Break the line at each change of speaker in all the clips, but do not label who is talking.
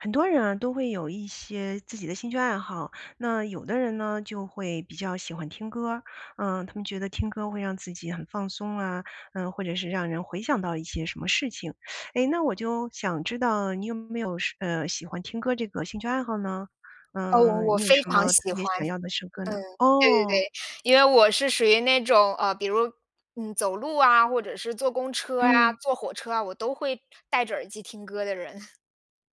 很多人啊都会有一些自己的兴趣爱好，那有的人呢就会比较喜欢听歌儿，呃，他们觉得听歌会让自己很放松啊，呃，或者是让人回想到一些什么事情。诶，那我就想知道你有没有什呃，喜欢听歌这个兴趣爱好呢？
哦，
呃，
我
你有
非
什
常
么特
喜欢，
别想
嗯，
要的时刻呢？
对对
哦。
对，因为我是属于那种，啊，比如嗯，走路啊，或者是坐公车呀、
嗯。
坐火车啊，我都会带着耳机听歌的人。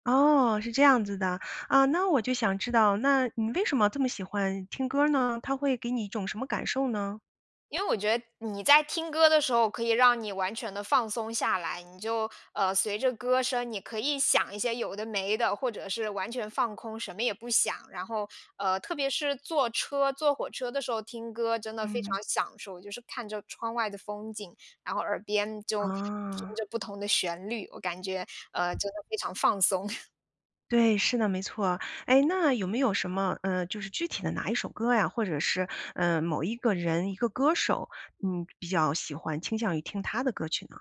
哦，是这样子的，啊，那我就想知道，那你为什么这么喜欢听歌儿呢？它会给你一种什么感受呢？
因为我觉得你在听歌的时候，可以让你完全地放松下来，你就，呃，随着歌声，你可以想一些有的没的，或者是完全放空，什么也不想，然后，呃，特别是坐车坐火车的时候，听歌真的非
嗯。
常享受，就是看着窗外的风景，然后耳边就听
哦。
着不同的旋律，我感觉，呃，真的非常放松。
对，是的，没错。诶，那有没有什么呃，就是具体的哪一首歌呀或者是，呃，某一个人一个歌手，嗯，比较喜欢，倾向于听他的歌儿曲呢？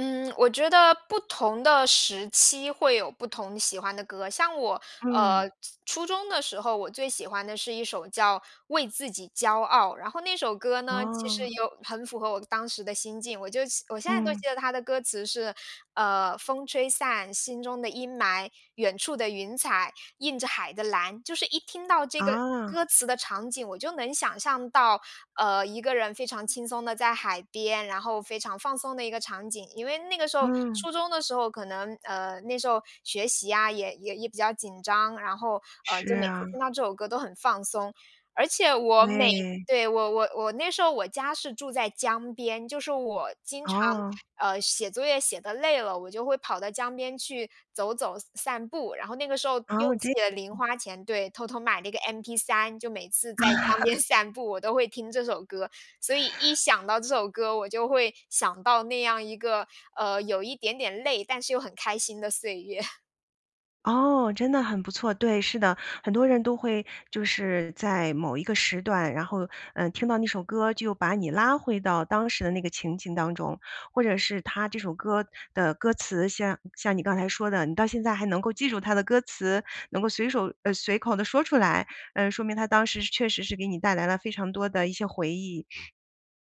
嗯，我觉得不同的时期会有不同喜欢的歌。像我呃，
嗯。
初初中的时候，我最喜欢的是一首叫《为自己骄傲》。然后那首歌呢，其实
哦。
有很符合我当时的心境。我就现我现在都
嗯。
记得它的歌词是呃：“风吹散心中的阴霾，远处的云彩映着海的蓝。”就是一听到这个
哦。
歌词的场景，我就能想象到，呃，一个人非常轻松地在海边，然后非常放松的一个场景。因为那个时候
嗯。
初中的时候，可能，呃，那时候学习呀也也也比较紧张，然后，呃，
是
就每次
啊。
听到这首歌都很放松。而且我每
对。
对，我我我那时候我家是住在江边，就是我经常，
哦。
呃，写作业写得累了，我就会跑到江边去走走散步。然后那个时候
哦。
用自
这
己的零花钱对，偷偷买了一个 mp3，就每次在江边 散步，我都会听这首歌。所以一想到这首歌，我就会想到那样一个，呃，有一点点累，但是又很开心的岁月。
哦，真的很不错。对，是的，很多人都会就是在某一个时段，然后，呃，听到那首歌就把你拉回到当时的那个情景当中。或者是它这首歌的歌词，像像你刚才说的，你到现在还能够记住它的歌词，能够随手呃，随口地说出来，呃，说明它当时是确实是给你带来了非常多的一些回忆，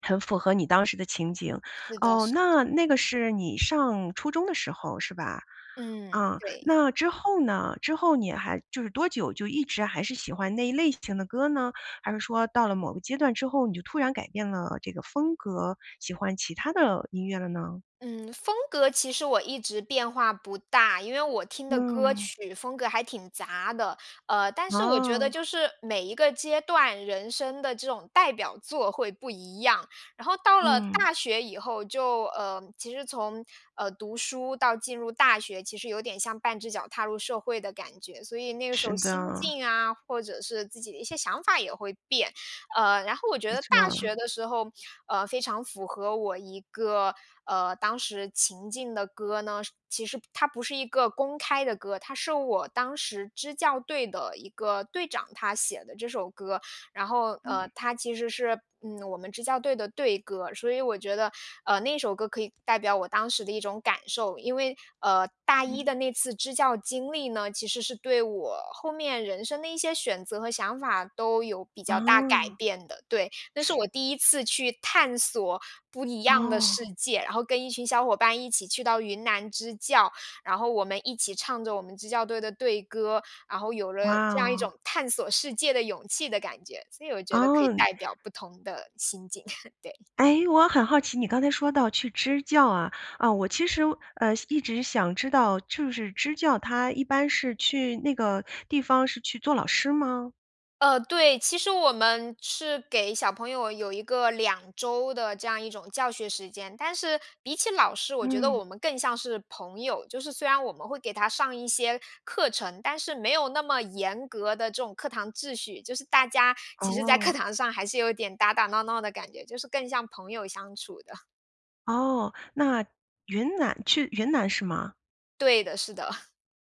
很符合你当时的情景。
是的，
哦，
是的。
那那个是你上初中的时候，是吧？
嗯，
啊，
对。
那之后呢，之后你还就是多久，就一直还是喜欢那一类型的歌呢？还是说到了某个阶段之后，你就突然改变了这个风格，喜欢其他的音乐了呢？
嗯，风格其实我一直变化不大，因为我听的歌
嗯。
曲风格还挺杂的。呃，但是我觉得
啊。
就是每一个阶段人生的这种代表作会不一样。然后到了
嗯。
大学以后，就呃，其实从，呃，读书到进入大学，其实有点像半只脚踏入社会的感觉，所以那个时
是
候心
的。
境啊，或者是自己的一些想法也会变。呃，然后我觉
没
得大
错。
学的时候，呃，非常符合我一个，呃，当时情境的歌呢，是其实它不是一个公开的歌，它是我当时支教队的一个队长，他写的这首歌，然后
嗯。
呃，它其实是嗯，我们支教队的队歌。所以我觉得，呃，那首歌可以代表我当时的一种感受。因为呃，大一
嗯。
的那次支教经历呢，其实是对我后面人生的一些选择和想法都有比较大改
啊。
变的。对，那是我第1次去探索不一样的
哦。
世界，然后跟一群小伙伴一起去到云南支教，然后我们一起唱着我们支教队的队歌，然后有
哇
了这样一
哦。
种探索世界的勇气的感觉，所以我觉得可以
哦，你
代表不同的心境，对。
诶，我很好奇，你刚才说到去支教啊。啊，我其实呃，一直想知道就是支教，它一般是去那个地方是去做老师吗？
呃，对，其实我们是给小朋友有一个2周的这样一种教学时间，但是比起老师，我觉得
嗯。
我们更像是朋友，就是虽然我们会给他上一些课程，但是没有那么严格的这种课堂秩序，就是大家其实在课
哦。
堂上还是有一点打打闹闹的感觉，就是更像朋友相处的。
哦，那云南去云南是吗？
对的，是的。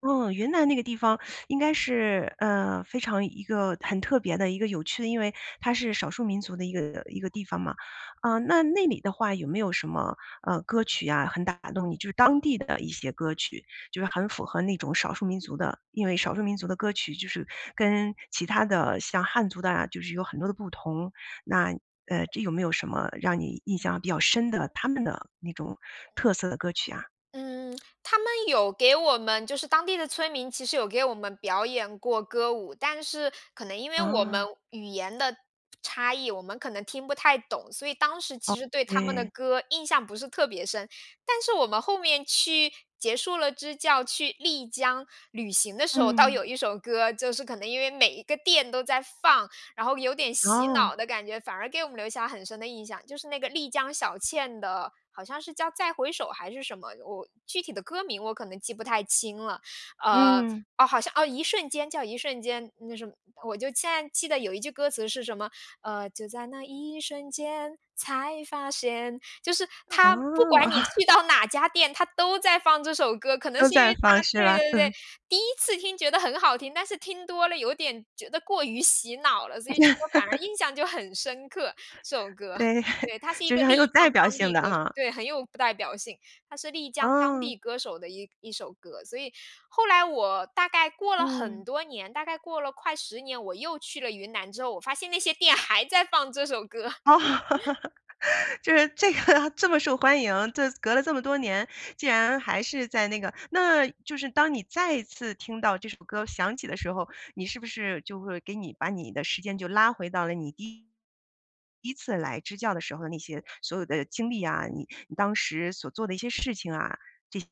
哦，云南那个地方 应该是，呃，非常一个很特别的一个有趣的，因为它是少数民族的一个一个地方嘛。呃，那那里的话有没有什么，呃，歌曲呀？很打动你，就是当地的一些歌曲，就是很符合那种少数民族的。因为少数民族的歌曲就是跟其他的像汉族的啊，就是有很多的不同，那，呃，这有没有什么让你印象比较深的，他们的那种特色的歌曲啊？
嗯，他们有给我们，就是当地的村民，其实有给我们表演过歌舞，但是可能因为我们
啊。
语言的差异，我们可能听不太懂，所以当时
哦，
其实对他们的
对。
歌，印象不是特别深。但是我们后面去结束了支教，去丽江旅行的时候，倒
嗯。
有一首歌，就是可能因为每一个店都在放，然后有点洗脑
哦。
的感觉，反而给我们留下很深的印象，就是那个丽江小倩的，好像是叫《再回首》还是什么，我具体的歌名我可能记不太清了，呃，呃，
嗯。
哦好像，《一瞬间》，叫《一瞬间》，那什么。我就现在记得有一句歌词是什么，呃，就在那一瞬间，才发现，就是
啊，
它不管
哇。
你去到哪家店，它都在放这首歌，可能
都
是因
在
为
放
它
是
对
吧？
对对对，
嗯。
第1次听觉得很好听，但是听多了有点觉得过于洗脑了，所以觉得反而 印象就很深刻，这首 歌。
对，
对，他是一
就
个
是很有
丽江
代表
当
性
地
的
歌手，
啊。
对，很有代表性，他是丽江当
啊。
地歌手的一一首歌，所以后来我大概过了很
嗯。
多年，大概过了快10年，我又去了云南之后，我发现那些店还在放这首歌。
哦，就是这个它这么受欢迎，这隔了这么多年，竟然还是在那个。那就是当你再一次听到这首歌响起的时候，你是不是就会给你把你的时间就拉回到了你第1第1次来支教的时候的那些所有的经历啊，你你当时所做的一些事情啊，这些，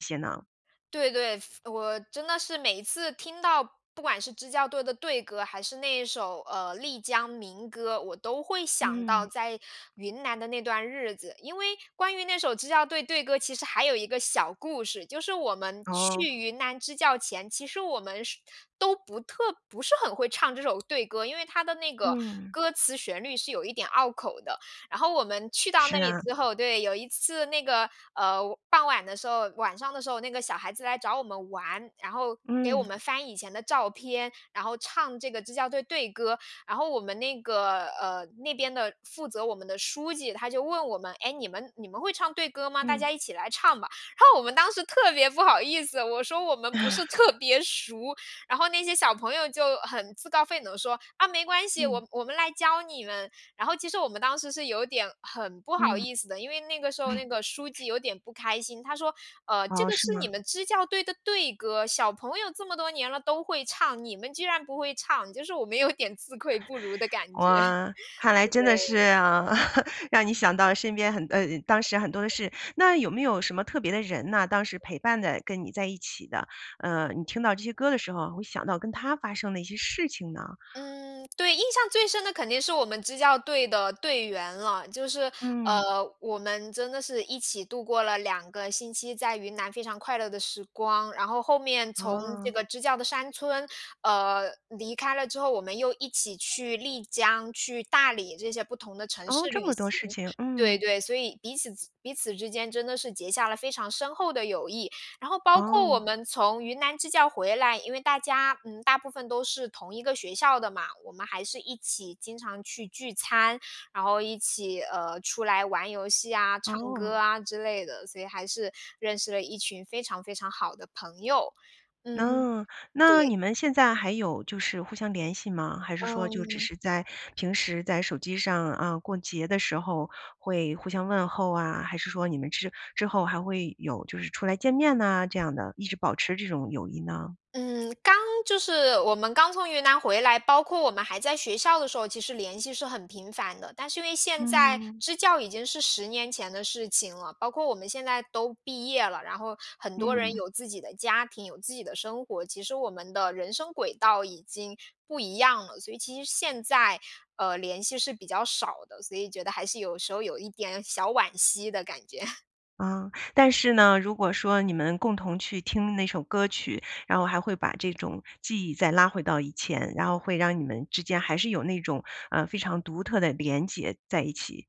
这些呢？
对，对，服我真的是每一次听到，不管是支教队的队歌，还是那首，呃，丽江民歌，我都会想到
嗯。
在云南的那段日子。因为关于那首支教队队歌，其实还有一个小故事，就是我们去
哦。
云南支教前，其实我们是都不特不是很会唱这首队歌，因为它的那个
嗯。
歌词旋律是有一点拗口的。然后我们去到
是
那里
啊。
之后，对，有一次那个，呃，傍晚的时候晚上的时候，那个小孩子来找我们玩，然后给我
嗯。
们翻以前的照片，然后唱这个支教队队歌，然后我们那个，呃，那边的负责我们的书记，他就问我们：“哎，你们你们会唱队歌吗？大
嗯。
家一起来唱吧。”然后我们当时特别不好意思，我说我们不是 特别熟，然后那些小朋友就很自告奋勇地说：“啊，没关系，我
嗯。
我们来教你们。”然后其实我们当时是有点很不好
嗯。
意思的，因为那个时候那个书 记有点不开心，他说，呃，“这
哦，
个
是
是
吗？
你们支教队的队歌，小朋友这么多年了都会唱，你们居然不会唱？”就是我们有点自愧不如的感觉，
哇，看来
呃，
真的是
对。
啊，让你想到身边很呃，当时很多的事。那有没有什么特别的人呢？当时陪伴的、跟你在一起的，呃，你听到这些歌的时候会想到跟他发生的一些事情呢？
嗯，对，印象最深的肯定是我们支教队的队员了，就是，
嗯。
呃，我们真的是一起度过了2个星期，在云南非常快乐的时光，然后后面从这
哦。
个支教的山村，呃，离开了之后，我们又一起去丽江、去大理这些不同的城
哦，
市
这
旅
么多
行。
事情，
对，
嗯。
对，所以彼此之彼此之间真的是结下了非常深厚的友谊。然后包括我
哦。
们从云南支教回来，因为大家，嗯，大部分都是同一个学校的嘛，我们还是一起经常去聚餐，然后一起，呃，出来玩游戏啊、唱
哦。
歌啊之类的，所以还是认识了一群非常非常好的朋友。嗯，
哦，那
对。
你们现在还有就是互相联系吗？还是说就只
嗯。
是在平时在手机上，呃，过节的时候会互相问候啊，还是说你们之之后还会有就是出来见面呢，这样的一直保持这种友谊呢？
嗯，刚就是我们刚从云南回来，包括我们还在学校的时候，其实联系是很频繁的。但是因为现在
嗯。
支教已经是10年前的事情了，包括我们现在都毕业了，然后很多人
嗯。
有自己的家庭，有自己的生活，其实我们的人生轨道已经不一样了，所以其实现在，呃，联系是比较少的，所以觉得还是有时候有一点小惋惜的感觉。
嗯，但是呢，如果说你们共同去听那首歌曲，然后还会把这种记忆再拉回到以前，然后会让你们之间还是有那种，呃，非常独特的联结在一起，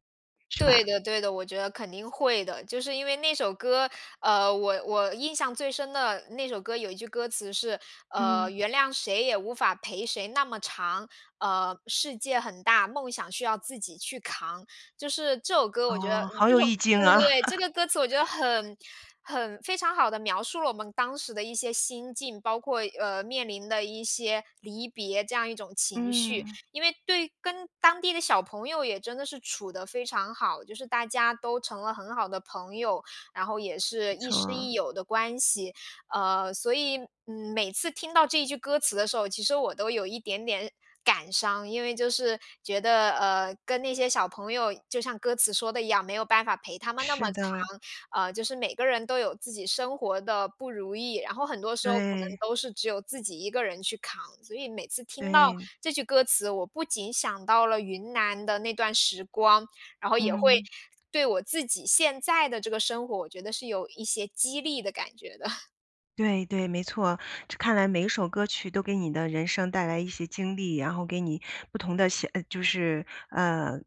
是吧？
对的，对的，我觉得肯定会的。就是因为那首歌，呃，我我印象最深的那首歌，有一句歌词是，呃，
嗯。
“原谅谁也无法陪谁那么长”，呃，“世界很大，梦想需要自己去扛”。就是这首歌，我觉得，
哦，
嗯，
好
这
有
种
意境
对对
啊。
对，这 个歌词我觉得很很非常好地描述了我们当时的一些心境，包括，呃，面临的一些离别，这样一种情绪。
嗯。
因为，对跟当地的小朋友也真的是处得非常好，就是大家都成了很好的朋友，然后也是
不
亦师
错。
亦友的关系。呃，所以，嗯，每次听到这句歌词的时候，其实我都有一点点感伤，因为就是觉得，呃，跟那些小朋友，就像歌词说的一样，没有办法陪他们那么
是
长，
的。
呃，就是每个人都有自己生活的不如意。然后很多时候，可能
对。
都是只有自己一个人去扛，所以每次听到
对。
这句歌词，我不仅想到了云南的那段时光，然后也会
嗯。
对我自己现在的这个生活，我觉得是有一些激励的感觉的。
对对，没错。这看来每一首歌曲都给你的人生带来一些经历，然后给你不同的写就是呃，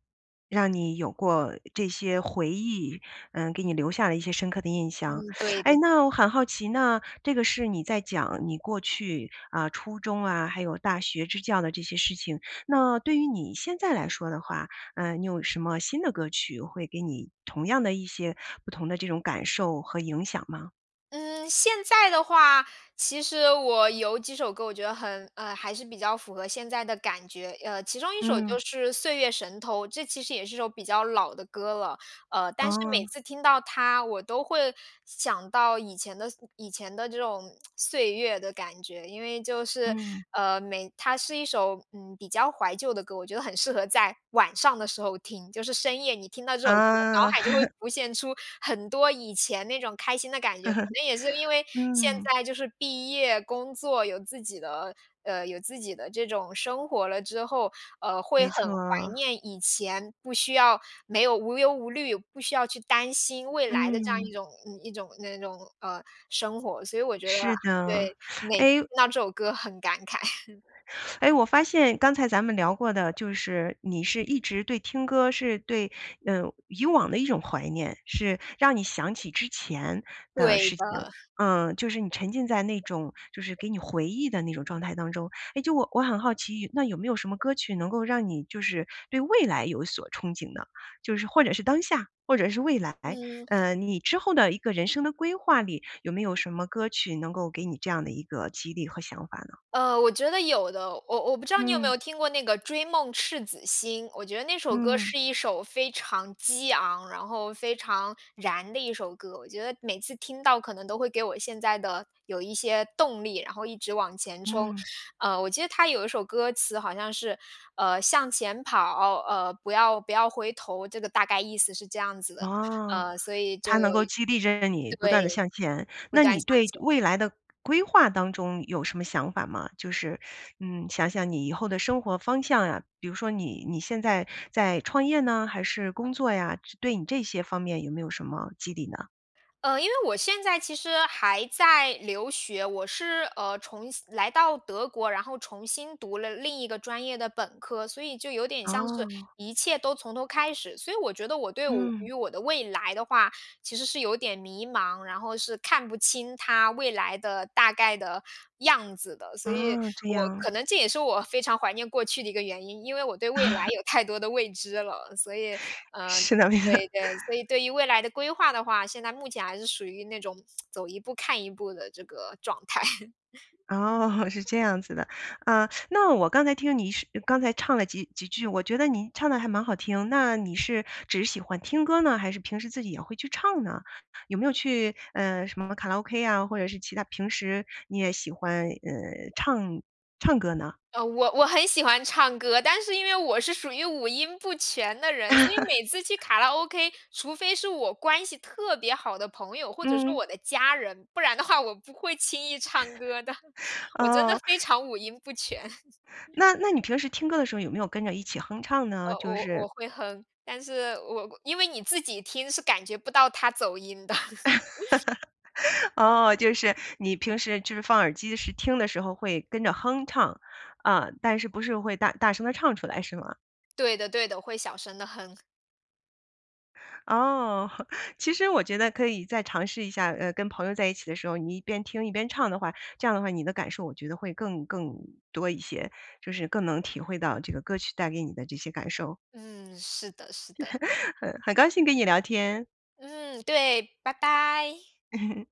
让你有过这些回忆，嗯，给你留下了一些深刻的印象。
嗯，对
诶，
的。
那我很好奇，那，这个是你在讲你过去啊，初中啊还有大学支教的这些事情，那对于你现在来说的话，呃，你有什么新的歌曲会给你同样的一些不同的这种感受和影响吗？
嗯，现在的话，其实我有几首歌，我觉得很呃，还是比较符合现在的感觉。呃，其中一首
嗯。
就是《岁月神偷》。这其实也是首比较老的歌了，呃，但是每
哦。
次听到它，我都会想到以前的以前的这种 岁月的感觉。因为就是
嗯。
呃，每它是一首，嗯，比较怀旧的歌。我觉得很适合在晚上的时候听，就是深夜你听到这首歌，脑
啊。
海就会 浮现出很多以前那种开心的感觉。可 能也是因为现
嗯。
在就是毕业工作，有自己的呃，有自己的这种生活了之后，呃，会
没
很怀
错。
念以前不需要没有无忧无虑，不需要去担心未来的这样
嗯。
一种一种那种呃，生活。所以我觉得
是的，
对，那听
诶
到这首歌很感慨。
诶，我发现刚才咱们聊过的就是你是一直对听歌是对呃，以往的一种怀念，是让你想起之前的
对
事情，
的。
嗯，就是你沉浸在那种就是给你回忆的那种状态当中。诶，就我我很好奇，那有没有什么歌曲能够让你就是对未来有所憧憬呢，就是或者是当下，或者是未来？
嗯。
呃，你之后的一个人生的规划里有没有什么歌曲能够给你这样的一个激励和想法呢？
呃，我觉得有的。我我不知道你有没
嗯。
有听过那个《追梦赤子星》，我觉得那首歌
嗯。
是一首非常激昂，然后非常燃的一首歌。我觉得每次听到可能都会给我现在的有一些动力，然后一直往前冲。
嗯。
呃，我记得它有一首歌词好像是呃：“向前跑，哦，呃，不要不要回头，”这个大概意思是这样子的。
哦，
呃，所以就
它
有
能够激励着你不
对，
断地向前。
不
那
断
你
向
对未
前。
来的规划当中有什么想法吗？就是嗯，想想你以后的生活方向呀，比如说你你现在在创业呢，还是工作呀，对你这些方面有没有什么激励呢？
嗯，因为我现在其实还在留学，我是呃，重新来到德国，然后重新读了另一个专业的本科，所以就有点像是
哦。
一切都从头开始。所以我觉得我对我
嗯。
于我的未来的话，其实是有点迷茫，然后是看不清它未来的大概的样子的。所以
啊，这
我
样。
可能这也是我非常怀念过去的一个原因，因为我对未来 有太多的未知了。所以，呃，
试2遍。
对，对，所以对于未来的规划的话，现在目前还是属于那种 走一步看一步的这个状态。
哦，是这样子的。啊，那我刚才听你是刚才唱了几几句，我觉得你唱得还蛮好听。那你是只是喜欢听歌呢，还是平时自己也会去唱呢？有没有去，呃，什么卡拉 OK 啊，或者是其他平时你也喜欢，呃，唱唱歌呢？
呃，我我很喜欢唱歌，但是因为我是属于五音不全的人。所以每次去 卡拉 OK，除非是我关系特别好的朋友，或者是
嗯。
我的家人，不然的话，我不会轻易唱歌的。我真的
哦。
非常五音不全。
那那你平时听歌的时候有没有跟着一起哼唱
呃，
呢，就
我
是
我会哼。但是我，因为你自己听，是感觉不到它走音的。
哦，就是你平时就是放耳机时，听的时候会跟着哼唱，嗯，但是不是会大大声地唱出来，是吗？
对的，对的，会小声地哼。
哦，其实我觉得可以再尝试一下，呃，跟朋友在一起的时候，你一边听一边唱的话，这样的话，你的感受我觉得会更更多一些，就是更能体会到这个歌曲带给你的这些感受。
嗯，是的，是的。
嗯，很高兴跟你聊天。
嗯，对，拜拜。